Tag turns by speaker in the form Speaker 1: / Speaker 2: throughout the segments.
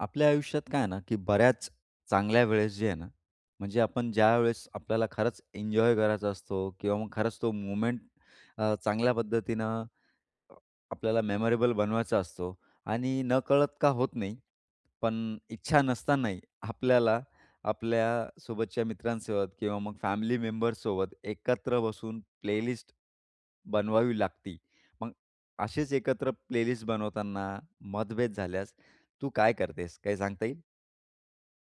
Speaker 1: आपल्या आयुष्यात काय आहे ना, की बऱ्याच चांगल्या वेळेस जे आहे ना, म्हणजे आपण ज्यावेळेस आपल्याला खरंच एन्जॉय करायचा असतो किंवा मग खरंच तो मोमेंट अ, चांगल्या पद्धतीनं अ, आपल्याला मेमोरेबल बनवायचा असतो आणि नकळत का होत नाही. पण इच्छा नसतानाही आपल्याला आपल्यासोबतच्या मित्रांसोबत किंवा मग फॅमिली मेंबर्ससोबत एकत्र बसून प्लेलिस्ट बनवावी लागती. मग अशीच एकत्र प्लेलिस्ट बनवताना मतभेद झाल्यास तू काय करतेस? काही सांगता येईल?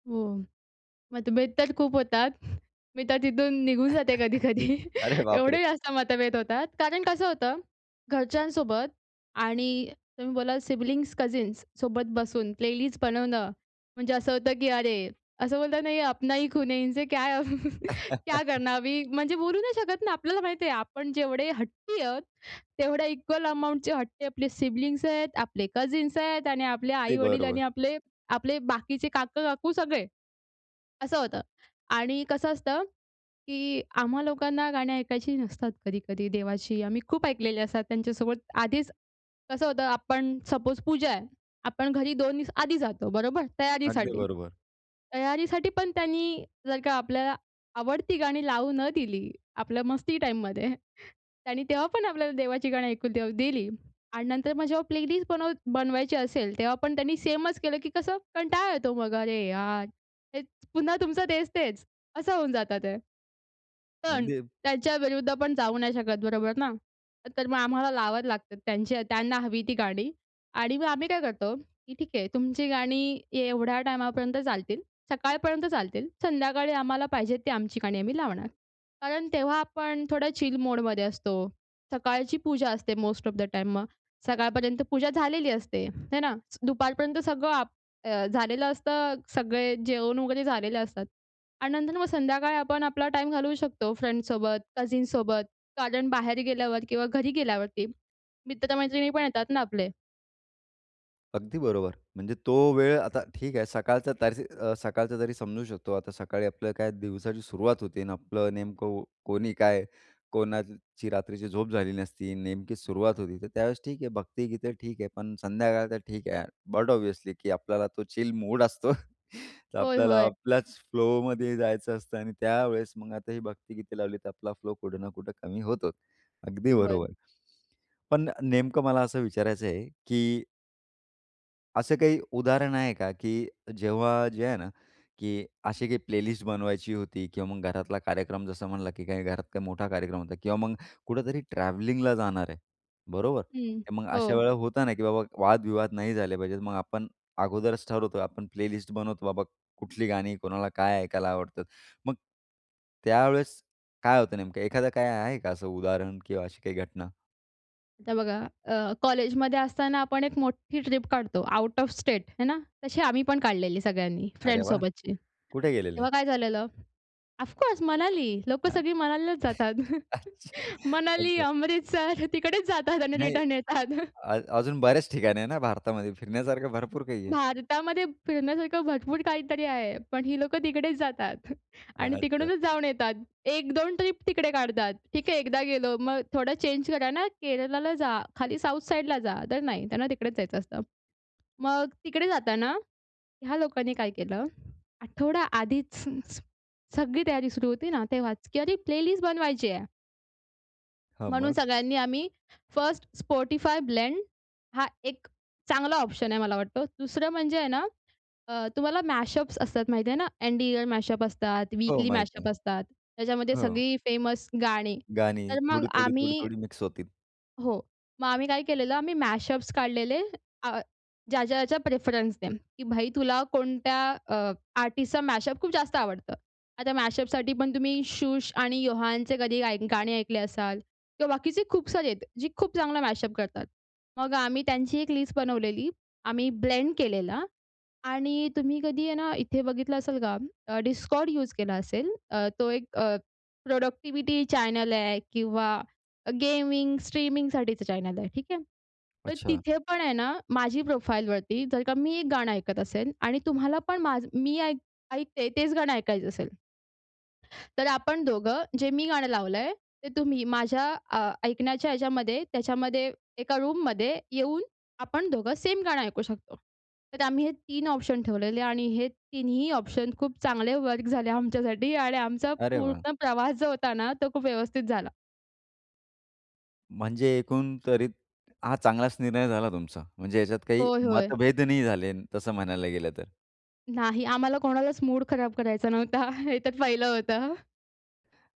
Speaker 2: हो. मतभेद तर खूप होतात. मी तर तिथून निघून जाते कधी-कधी
Speaker 1: अरे बापरे!
Speaker 2: एवढे जास्त मतभेद होतात. कारण कसं होतं, घरच्यांसोबत आणि तुम्ही बोललात सिबलिंग्स कझिन्ससोबत बसून प्लेलिस्ट बनवणं म्हणजे असं होतं, की अरे, असं बोलतात ना ये अपना ही खुन है इनसे क्या क्या करना अभी? म्हणजे बोलू नाही शकत ना, आपल्याला माहिती आहे आपण जेवढे हट्टी आहोत. तेवढे इक्वल अमाउंटचे हट्टी आपले सिबलिंग्स आहेत, आपले कझिन्स आहेत आणि आपले आपले
Speaker 1: अगदी
Speaker 2: आई-वडील
Speaker 1: बरोबर.
Speaker 2: आणि आपले आपले बाकीचे काका-काकू सगळे, असं होतं. आणि कसं असतं, की आम्हा लोकांना गाणी ऐकायची नसतात कधी-कधी देवाची. आम्ही खूप ऐकलेले असतात त्यांच्यासोबत आधीच. कसं होतं आपण सपोस पूजा आहे, आपण घरी 2 दिवस आधी जातो बरोबर?
Speaker 1: अगदी
Speaker 2: तयारीसाठी.
Speaker 1: बरोबर.
Speaker 2: तयारीसाठी पण त्यांनी जर का आपल्याला आवडती गाणी लावू न दिली. आपल्या मस्ती टाईममध्ये. त्यांनी तेव्हा पण आपल्याला देवाची गाणी ऐकून तेव्हा दिली आणि नंतर मग जेव्हा प्लेलिस्ट बनव बनवायची असेल. तेव्हा पण त्यांनी सेमच केलं, की कसं कंटाळा येतो मग. अरे यार, हेच पुन्हा तुमचं तेच-तेच असं होऊन जातं ते. पण
Speaker 1: अगदी
Speaker 2: त्यांच्याविरुद्ध आपण जाऊ नाही शकत बरोबर ना. तर मग आम्हाला लावावं लागतात त्यांचे त्यांना हवी ती गाणी आणि मग आम्ही काय करतो, की ठीक आहे, तुमची गाणी एवढ्या टाईमापर्यंत चालतील. सकाळपर्यंत चालतील, संध्याकाळी आम्हाला पाहिजे ती आमची गाणी आम्ही लावणार. कारण तेव्हा आपण थोडं चिल मोडमध्ये असतो. सकाळची पूजा असते, मोस्ट ऑफ द टाईम मग सकाळपर्यंत पूजा झालेली असते, हे ना? दुपारपर्यंत सगळं आप झालेलं असतं. सगळे जेवण वगैरे झालेलं असतात आणि नंतर मग संध्याकाळी आपण आपला टाईम घालवू शकतो, फ्रेंड्ससोबत, कझिनसोबत, कारण बाहेर गेल्यावर किंवा घरी गेल्यावरती मित्र-मैत्रिणी पण येतात ना आपले.
Speaker 1: अगदी बरोबर. म्हणजे तो वेळ, आता ठीक आहे सकाळचं तर स सकाळचं तरी समजू शकतो आता सकाळी आपलं काय दिवसाची सुरुवात होते आणि आपलं नेमकं कोणी काय, कोणाची रात्रीची झोप झाली नसती, नेमकी सुरुवात होती तर त्यावेळेस ठीक आहे भक्तिगीतं ठीक आहे, पण संध्याकाळ तर ठीक आहे यार. बट ऑब्वियसली की आपल्याला तो चिल मूड असतो. तर
Speaker 2: होय,
Speaker 1: आपल्याला
Speaker 2: होय.
Speaker 1: आपल्याच फ्लोमध्ये जायचं असतं आणि त्यावेळेस मग आता ही भक्तिगीते लावली तर आपला फ्लो कुठं ना कुठं कमी होतो. अगदी
Speaker 2: होय.
Speaker 1: बरोबर. पण नेमकं मला असं विचारायचं आहे, की असं काही उदाहरण आहे का, की जेव्हा जे आहे ना, की अशी काही प्लेलिस्ट बनवायची होती किंवा मग घरातला कार्यक्रम जसं म्हणला की काही घरात काही मोठा कार्यक्रम होता किंवा मग कुठेतरी ट्रॅव्हलिंगला जाणार आहे. बरोबर,
Speaker 2: हं,
Speaker 1: मग अशा
Speaker 2: हो.
Speaker 1: वेळेला होत ना, की बाबा वादविवाद नाही झाले पाहिजेत मग आपण, अगोदरच ठरवतो आपण प्लेलिस्ट बनवतो बाबा, कुठली गाणी, कोणाला काय ऐकायला आवडतात. मग, त्यावेळेस काय होतं नेमकं एखादं काय आहे का? असं उदाहरण किंवा अशी काही घटना?
Speaker 2: आता बघा अ, कॉलेजमध्ये असताना आपण एक मोठी ट्रिप काढतो, आउट ऑफ स्टेट हे ना? तशी आम्ही पण काढलेली सगळ्यांनी
Speaker 1: अरे वाह!
Speaker 2: फ्रेंड्ससोबतची.
Speaker 1: कुठे गेलेले?
Speaker 2: तेव्हा काय झालेलं? ऑफकोर्स मनाली लोकं
Speaker 1: हं.
Speaker 2: सगळी मनालीलाच जातात.
Speaker 1: अच्छा,
Speaker 2: मनाली,
Speaker 1: अच्छा.
Speaker 2: अमृतसर तिकडेच जातात आणि
Speaker 1: नाही
Speaker 2: रिटर्न येतात.
Speaker 1: आ अजून बऱ्याच ठिकाण आहे ना, भारतामध्ये फिरण्यासारखं भरपूर काही आहे.
Speaker 2: भारतामध्ये फिरण्यासारखं भरपूर काहीतरी आहे, पण ही लोकं तिकडेच जातात. आणि
Speaker 1: अच्छा.
Speaker 2: तिकडूनच जाऊन येतात. 1-2 ट्रिप तिकडे काढतात, ठीक आहे एकदा गेलो मग थोडं चेंज करा ना केरलाला जा, खाली साउथ साइडला जा, तर नाही त्यांना तिकडेच जायचं असतं. मग तिकडे जाताना, ह्या लोकांनी काय केलं आठवडा आधीच [unintelligible] सगळी तयारी सुरू होती ना तेव्हाच की अरे प्लेलिस्ट बनवायची आहे.
Speaker 1: हां.
Speaker 2: म्हणून
Speaker 1: मग?
Speaker 2: सगळ्यांनी आम्ही फर्स्ट Spotify ब्लेंड हा एक चांगला ऑप्शन आहे मला वाटतो. दुसरं म्हणजे आहे ना, अ, तुम्हाला मॅशअप्स असतात माहिती आहे ना. एन्ड इयर मॅशअप असतात,
Speaker 1: हो,
Speaker 2: वीकली
Speaker 1: माहित आहे.
Speaker 2: मॅशअप असतात. त्याच्यामध्ये
Speaker 1: हो.
Speaker 2: सगळी फेमस गाणी.
Speaker 1: गाणी
Speaker 2: तर मग
Speaker 1: थोडी, थोडी, थोडी,
Speaker 2: आम्ही
Speaker 1: थोडी मिक्स होतील.
Speaker 2: हो. मग आम्ही काय केलेलं आम्ही मॅशअप्स काढलेले अ, ज्याच्या-ज्याच्या प्रेफरन्सने. की भाई तुला कोणत्या अ, आर्टिस्टचा मॅशअप खूप जास्त आवडतं. आता मॅशअपसाठी पण तुम्ही शुष आणि योहानचे कधी गाणे ऐकले असाल किंवा बाकीचे खूप सारे आहेत. जे खूप चांगला मॅशअप करतात. मग आम्ही त्यांची एक लिस्ट बनवलेली. आम्ही ब्लेंड केलेला. आणि तुम्ही कधी आहे ना इथे बघितलं असेल का Discord यूज केला असेल. अ, तो एक अ, प्रोडक्टिविटी चॅनल आहे किंवा गेमिंग स्ट्रीमिंगसाठीचं तो चॅनल आहे. ठीक आहे. तर
Speaker 1: अच्छा.
Speaker 2: तिथे पण आहे ना माझी प्रोफाईलवरती जर का मी एक गाणं ऐकत असेल आणि तुम्हाला पण माझं मी ऐक ऐकते तेच गाणं ऐकायचं असेल तर आपण दोघं जे मी गाणं लावलंय ते तुम्ही माझ्या अ, ऐकण्याच्या ह्याच्यामध्ये त्याच्यामध्ये एका रूममध्ये येऊन आपण दोघं सेम गाणं ऐकू शकतो. तर आम्ही हे 3 ऑप्शन ठेवलेले आणि हे तिन्ही ऑप्शन खूप चांगले वर्क झाले. आमच्यासाठी आणि आमचा
Speaker 1: अरे वाह!
Speaker 2: पूर्ण प्रवास जो होता ना, तो खूप व्यवस्थित झाला.
Speaker 1: म्हणजे एकूण तरी हा चांगलाचं निर्णय झाला तुमचा, म्हणजे याच्यात काही
Speaker 2: होय, होय.
Speaker 1: मतभेद नाही झाले तसं म्हणायला गेलं तर.
Speaker 2: नाही आम्हाला कोणालाचं मूड खराब करायचा नव्हता. हे तर पहिलं होतं.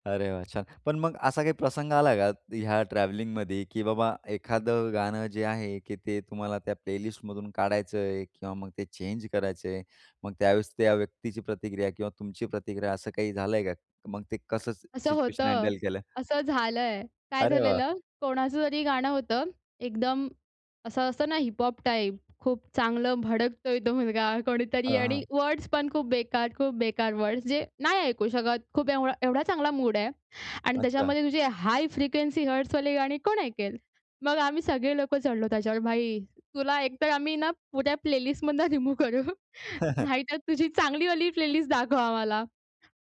Speaker 1: अरे वाह! छान. पण मग असा काही प्रसंग आला का? ह्या ट्रॅव्हलिंगमध्ये, की बाबा एखादं गाणं जे आहे, की ते तुम्हाला त्या प्लेलिस्ट मधून काढायचयं किंवा मग ते चेंज करायचयं मग त्यावेळेस त्या व्यक्तीची प्रतिक्रिया किंवा तुमची प्रतिक्रिया असं काही झालंय का? मग ते कसं सि
Speaker 2: असं
Speaker 1: सिच्युएशन
Speaker 2: होतं,
Speaker 1: हँडल केलं?
Speaker 2: असं झालंय. काय
Speaker 1: अरे वाह!
Speaker 2: झालेलं, कोणाचं तरी गाणं होतं. एकदम असं असतं ना, हिपहॉप टाइप खूप चांगलं भडकतोय तो मुलगा कोणीतरी
Speaker 1: हां,
Speaker 2: आणि
Speaker 1: हां.
Speaker 2: वर्ड्स पण खूप बेकार-खूप बेकार वर्ड्स. जे नाही ऐकू शकत खूप एवढा एवढा चांगला मूड आहे आणि
Speaker 1: अच्छा.
Speaker 2: त्याच्यामध्ये तुझी हाय फ्रिक्वेन्सी हर्ट्सवाले गाणी कोण ऐकेल? मग आम्ही सगळे लोकं चढलो त्याच्यावर. भाई तुला एकतर आम्ही ना पुऱ्या प्लेलिस्ट मधनं रिमूव्ह करू. नाहीतर तुझी चांगली वाली प्लेलिस्ट दाखव आम्हाला.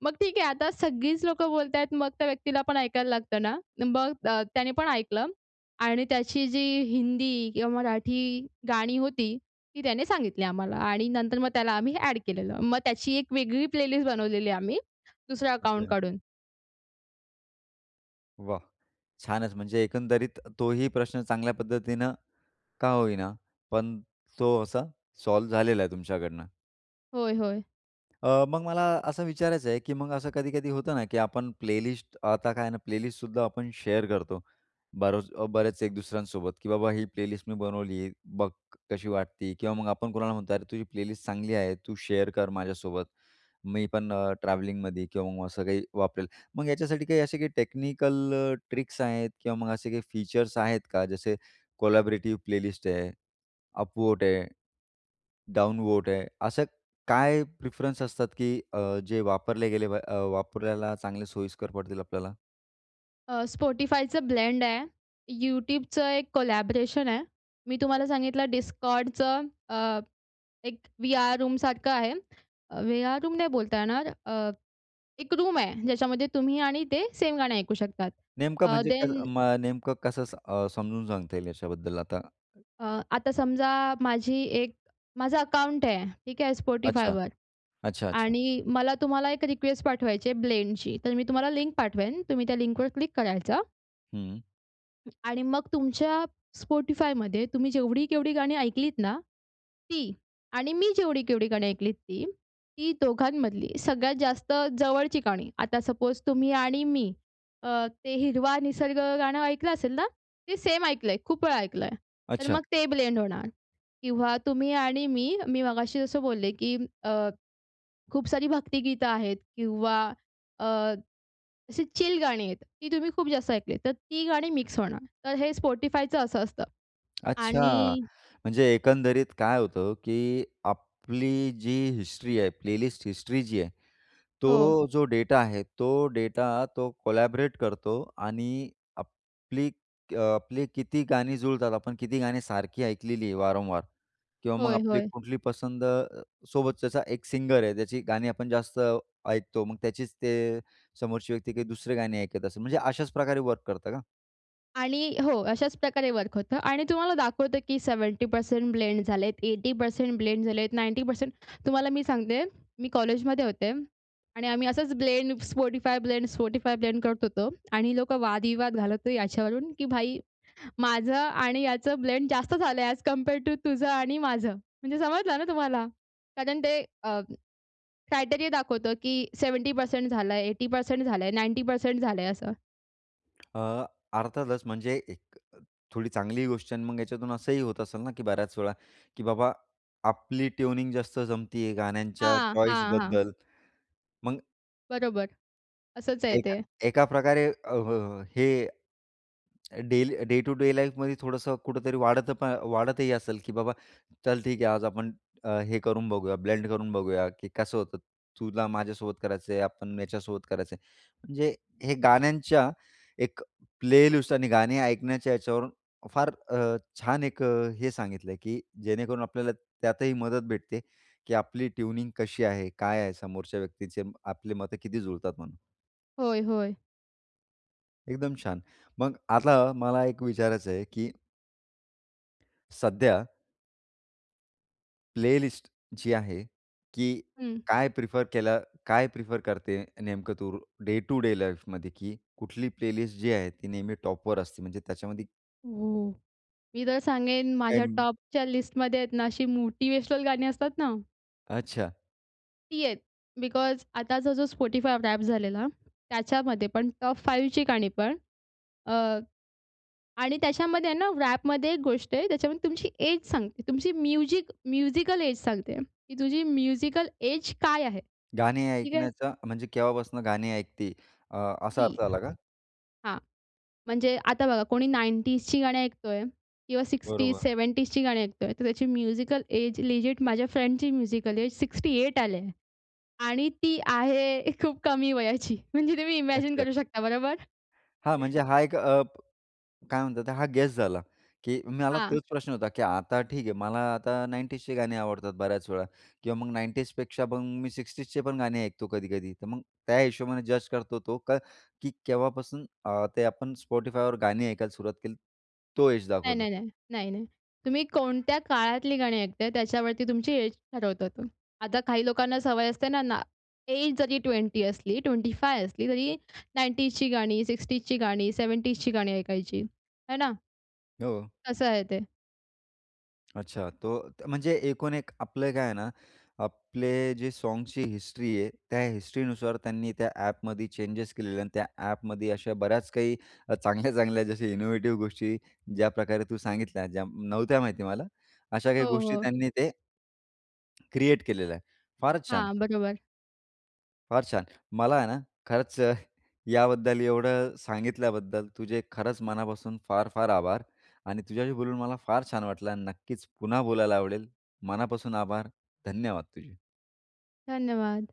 Speaker 2: मग ठीक आहे आता सगळीचं लोकं बोलतायेत मग त्या व्यक्तीला पण ऐकायला लागतं ना. मग अ, त्याने पण ऐकलं आणि त्याची जी हिंदी किंवा मराठी गाणी होती, ती त्याने सांगितली आम्हाला आणि नंतर मग त्याला आम्ही ॲड केलेलं. मग त्याची एक वेगळी प्लेलिस्ट बनवलेली आम्ही दुसरं अकाउंट
Speaker 1: अच्छा.
Speaker 2: काढून.
Speaker 1: वाह! छानच. म्हणजे एकंदरीत तोही प्रश्न चांगल्या पद्धतीनं का होईना पण तो असा सॉल्व झालेला आहे तुमच्याकडनं.
Speaker 2: होय, होय.
Speaker 1: अ, मग मला असं विचारायचं आहे, की मग असं कधी-कधी होतं ना, की आपण प्लेलिस्ट. आता काय आहे ना प्लेलिस्ट सुद्धा आपण शेअर करतो. बरचं बरेचं एक दुसऱ्यांसोबत, की "बाबा ही प्लेलिस्ट मी बनवली. बघ कशी वाटते?" किंवा मग आपण कुणाला म्हणतो, "अरे, तुझी प्लेलिस्ट चांगली आहे. तू शेअर कर माझ्यासोबत. मी पण अ, ट्रॅव्हलिंगमध्ये किंवा मग असं काही वापरेन." मग याच्यासाठी काही असे काही टेक्निकल अ, ट्रिक्स आहेत किंवा मग असे काही फीचर्स आहेत का? जसे कोलॅबोरेटिव प्लेलिस्ट आहे. अप वोट आहे. डाऊन वोट आहे. असे काय प्रेफरन्स असतात, की अ, जे वापरले गेले प अ, वापरायला चांगले सोयीस्कर पडतील आपल्याला?
Speaker 2: अ, Spotifyचं ब्लेंड आहे. YouTubeचं एक कोलॅबोरेशन आहे. मी तुम्हाला सांगितलं Discordचं अ, एक व्हीआर रूम सारखं आहे. व्हीआर रूम नाही बोलता येणार. अ, एक रूम आहे, ज्याच्यामध्ये तुम्ही आणि ते सेम गाणं ऐकू शकतात.
Speaker 1: नेमकं
Speaker 2: अ,
Speaker 1: म्हणजे
Speaker 2: देन
Speaker 1: कसं मग नेमकं कसं अ, समजवून सांगता येईल याच्याबद्दल आता?
Speaker 2: अ, आता समजा माझी एक माझं अकाउंट आहे. ठीक आहे
Speaker 1: अच्छा,
Speaker 2: Spotifyवर
Speaker 1: अच्छा, अच्छा.
Speaker 2: आणि मला तुम्हाला एक रिक्वेस्ट पाठवायची आहे ब्लेंड ची तर मी तुम्हाला लिंक पाठवेन. तुम्ही त्या लिंकवर क्लिक करायचं.
Speaker 1: हम्म.
Speaker 2: आणि मग तुमच्या Spotifyमध्ये, तुम्ही जेवढी-केवढी गाणी ऐकलीत ना, ती आणि मी जेवढी-केवढी गाणी ऐकलीत, ती. ती दोघांमधली सगळ्यात जास्त जवळची गाणी, आता सपोज तुम्ही आणि मी अ, ते हिरवा निसर्ग गाणं ऐकलं असेल ना, ते सेम ऐकलंय, खूप वेळा ऐकलंय, तर
Speaker 1: अच्छा.
Speaker 2: मग ते ब्लेंड होणार. किंवा तुम्ही आणि मी, मी मगाशी जसं बोलले की अ, खूप सारी भक्तिगीत आहेत किंवा अ, अशी चिल गाणी आहेत, ती तुम्ही खूप जास्त ऐकलीत, तर ती गाणी मिक्स होणार, तर हे Spotifyचं असं असतं.
Speaker 1: अच्छा.
Speaker 2: आणि
Speaker 1: म्हणजे एकंदरीत काय होतं की आपली जी हिस्ट्री आहे प्लेलिस्ट हिस्ट्री जी आहे,
Speaker 2: हो.
Speaker 1: तो जो डेटा आहे, तो डेटा तो कोलॅब्रेट करतो आणि आपली अ, आपली किती गाणी जुळतात, आपण किती गाणी सारखी ऐकलेली आहे, वारंवार किंवा मग
Speaker 2: होय,
Speaker 1: आपली
Speaker 2: होय.
Speaker 1: कुठली पसंद अ, सोबत त्याचा एक सिंगर आहे, त्याची गाणी आपण जास्त ऐकतो. मग त्याचीच ते समोरची व्यक्ती काही दुसरे गाणी ऐकत असेल म्हणजे अशाच प्रकारे वर्क करतं का?
Speaker 2: आणि हो, अशाच प्रकारे वर्क होतं आणि तुम्हाला दाखवतो, की 70% ब्लेंड झालेत, 80% ब्लेंड झालेत, 90% तुम्हाला मी सांगते, मी कॉलेजमध्ये होते आणि आम्ही असंच blend Spotify blend, Spotify blend करत होतो आणि लोकं वादविवाद घालत ही याच्यावरून, की भाई माझं आणि याचं ब्लेंड जास्त झालंय ऍज कंपेयर टू तुझं आणि माझं. म्हणजे समजलं ना तुम्हाला? कारण ते अ, क्रायटेरिया दाखवतं, की 70% झालं आहे, 80% झालं आहे, 90% झालं आहे असं.
Speaker 1: अ, अर्थातच म्हणजे एक अ, थोडी चांगली गोष्ट आहे अन् मग याच्यातून असंही होत असेल ना, की बऱ्याच वेळा, की बाबा, आपली ट्यूनिंग जास्त जमते आहे गाण्यांच्या
Speaker 2: हां,
Speaker 1: चॉईस
Speaker 2: हां, हां.
Speaker 1: बद्दल. मग
Speaker 2: बरोबर. असंच आहे
Speaker 1: एका
Speaker 2: ते.
Speaker 1: एका प्रकारे अ, अ, हे, daily day to day life मध्ये थोडंसं कुठेतरी वाढत प वाढतही असेल, की बाबा चल ठीक आहे, आज आपण अ, हे करून बघूया ब्लेंड करून बघूया, की कसं होतं, तुला माझ्यासोबत करायचं आहे. आपण याच्यासोबत करायचं आहे. म्हणजे हे गाण्यांच्या एक प्लेलिस्ट आणि गाणे ऐकण्याच्या याच्यावरून फार अ, छान एक अ, हे सांगितलं आहे, की जेणेकरून आपल्याला त्यातही मदत भेटते, की आपली ट्यूनिंग कशी आहे? काय आहे? समोरच्या व्यक्तीचे आपली मतं किती जुळतात म्हणू
Speaker 2: होय, होय.
Speaker 1: एकदम छान. मग आता मला एक विचारायचं आहे, की सध्या प्लेलिस्ट जी आहे, की
Speaker 2: हं.
Speaker 1: काय प्रिफर केलं काय प्रिफर करते नेमकं तू डे टु डे लाईफमध्ये? की कुठली प्लेलिस्ट जी आहे ती नेहमी टॉपवर असते? म्हणजे त्याच्यामध्ये
Speaker 2: हो. मी तर सांगेन माझ्या
Speaker 1: काही
Speaker 2: टॉपच्या लिस्टमध्ये आहेत ना अशी मोटिवेशनल गाणी असतात ना.
Speaker 1: अच्छा.
Speaker 2: ती आहेत. बिकॉज आताचा जो Spotify रॅप झालेला त्याच्यामध्ये, पण टॉप 5 ची गाणी पण अ, आणि त्याच्यामध्ये आहे ना रॅपमध्ये एक गोष्ट आहे. त्याच्यामध्ये तुमची एज सांगते. तुमची म्युझिक म्यूजिकल एज सांगते, की तुझी म्यूजिकल एज काय आहे?
Speaker 1: गाणी
Speaker 2: ठीक आहे.
Speaker 1: ऐकण्याचा म्हणजे केव्हापासून गाणी ऐकते अ, असा
Speaker 2: ती,
Speaker 1: अर्थ आला का?
Speaker 2: हां, म्हणजे आता बघा कोणी 90जची गाणी ऐकतोय किंवा 60ज,
Speaker 1: बरोबर.
Speaker 2: 70जची गाणी ऐकतोय तर त्याची म्युजिकल एज लिजिट माझ्या फ्रेंडची म्यूजिकल एज 68 आली आहे. आणि ती आहे खूप कमी वयाची म्हणजे तुम्ही इमॅजिन
Speaker 1: अच्छा.
Speaker 2: करू शकता. बरोबर?
Speaker 1: हां, म्हणजे हा एक अप काय म्हणतात ते हा गेस झाला. की मला
Speaker 2: हां.
Speaker 1: तोच प्रश्न होता, की आता ठीक आहे मला आता 90ज चे गाणे आवडतात बऱ्याच वेळा किंवा मग 90ज पेक्षा मग मी 60ज चे पण गाणे ऐकतो कधी-कधी. तर मग त्या हिशोबाने जज करतो तो, का की केव्हापासून अ, ते आपण Spotifyवर गाणी ऐकायला सुरुवात केली तो एज
Speaker 2: नाही,
Speaker 1: दाखवतो?
Speaker 2: नाही, नाही. नाही, नाही. तुम्ही कोणत्या काळातली गाणी ऐकताय त्याच्यावरती तुमची एज ठरवतो तो. आता काही लोकांना सवय असते ना, एज जरी 20 असली, 25 असली तरी 90ज ची गाणी, 60ज ची गाणी, 70ज ची गाणी ऐकायची आहे ना?
Speaker 1: हो.
Speaker 2: असं आहे ते.
Speaker 1: अच्छा, तो अ, म्हणजे एकूण एक, आपलं काय आहे ना, आपले जे सॉन्ग्सची हिस्ट्री आहे त्या हिस्ट्रीनुसार त्यांनी त्या ॲपमध्ये चेंजेस केलेले आणि त्या ॲपमध्ये अशा बऱ्याच काही अ, चांगल्या, चांगल्या जशा इनोवेटिव्ह गोष्टी ज्याप्रकारे तू सांगितल्या ज्या नव्हत्या माहिती मला अशा काही
Speaker 2: हो,
Speaker 1: गोष्टी
Speaker 2: हो.
Speaker 1: त्यांनी ते क्रिएट केलेलं आहे. फारच छान.
Speaker 2: हां, बरोबर.
Speaker 1: फार छान. मला आहे ना, खरंच अ, याबद्दल एवढं सांगितल्याबद्दल, तुझे खरंच मनापासून फार, फार आभार आणि तुझ्याशी बोलून मला फार छान वाटलं आणि नक्कीच पुन्हा बोलायला आवडेल. मनापासून आभार. धन्यवाद, तुझे.
Speaker 2: धन्यवाद.